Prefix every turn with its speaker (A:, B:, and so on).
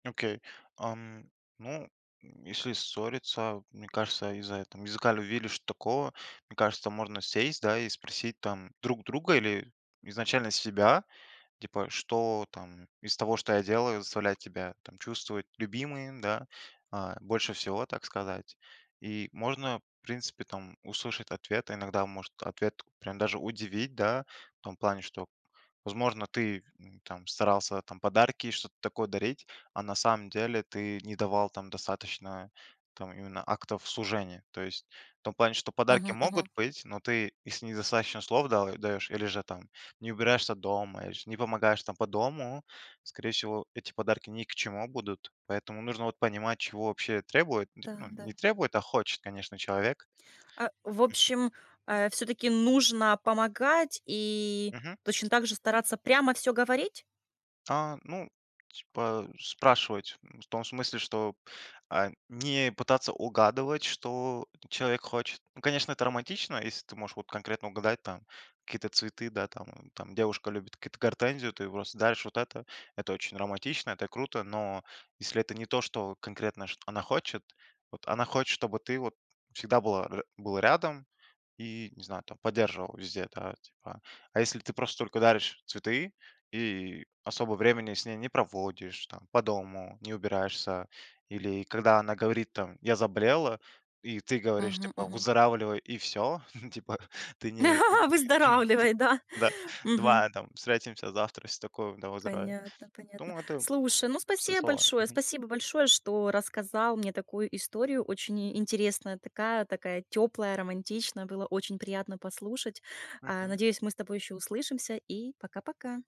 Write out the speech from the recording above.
A: Окей. Ам. Ну, если ссориться, мне кажется, из-за этом языка ли вили, что такого. Мне кажется, можно сесть, да, и спросить, там, друг друга. Или изначально себя, типа: "Что, там, из того что я делаю заставлять тебя, там, чувствовать любимой, да? А, больше всего, так сказать". И, можно принципе, там, услышать ответ, а иногда может ответ прям даже удивить, да. В том плане, что возможно ты, м, там, старался, там, подарки, что-то такое дарить. А на самом деле ты не давал, там, достаточно, там, именно актов служения. То есть в том плане, что подарки
B: Мгм
A: могут
B: мгм.
A: быть. Но ты, если недостаточно слов дал даешь или же там не убираешься дома, или ж не помогаешь, там, по дому, скорее всего, эти подарки ни к чему будут. Поэтому нужно вот понимать, чего вообще требует нтр ну, не
B: Да-да.
A: требует, а хочет, конечно, человек.
B: А, в
A: Мгм.
B: общем, э, всё-таки нужно помогать и
A: Мгм.
B: точно так же стараться прямо всё говорить?
A: А. Ну. Типа спрашивать, м, в том смысле, что, а, не пытаться угадывать, что человек хочет. Ну, конечно, это романтично. Если ты можешь вот конкретно угадать, там, какие-то цветы, да, там. Там, девушка любит какие-то гортензию, ты ей просто даришь вот это. Это очень романтично, это круто. Но, если это не то, что конкретно шт она хочет. Вот она хочет, чтобы ты вот всегда был р был рядом, и, не знаю, там, поддерживал везде, да, типа. А если ты просто только даришь цветы, и особо времени с ней не проводишь, там, по дому не убираешься. Или когда она говорит, там: "Я заболела". И ты говоришь,
B: Мгм
A: типа:
B: мгм.
A: "Выздоравливай". И всё, типа, ты не из ночи.
B: Выздоравливай, да.
A: "Да,
B: Мгм.
A: давай, там, встретимся завтра, всё такое, давай выздоравливай".
B: Понятно, понятно.
A: Думаю, это
B: Слушай, ну,
A: пустые
B: спасибо
A: слова.
B: большое.
A: Мгм.
B: Спасибо большое, что рассказал мне такую историю, очень и интересная. Такая такая тёплая, романтичная, было очень приятно послушать. А,
A: Мгм.
B: надеюсь, мы с тобой ещё услышимся и пока-пока.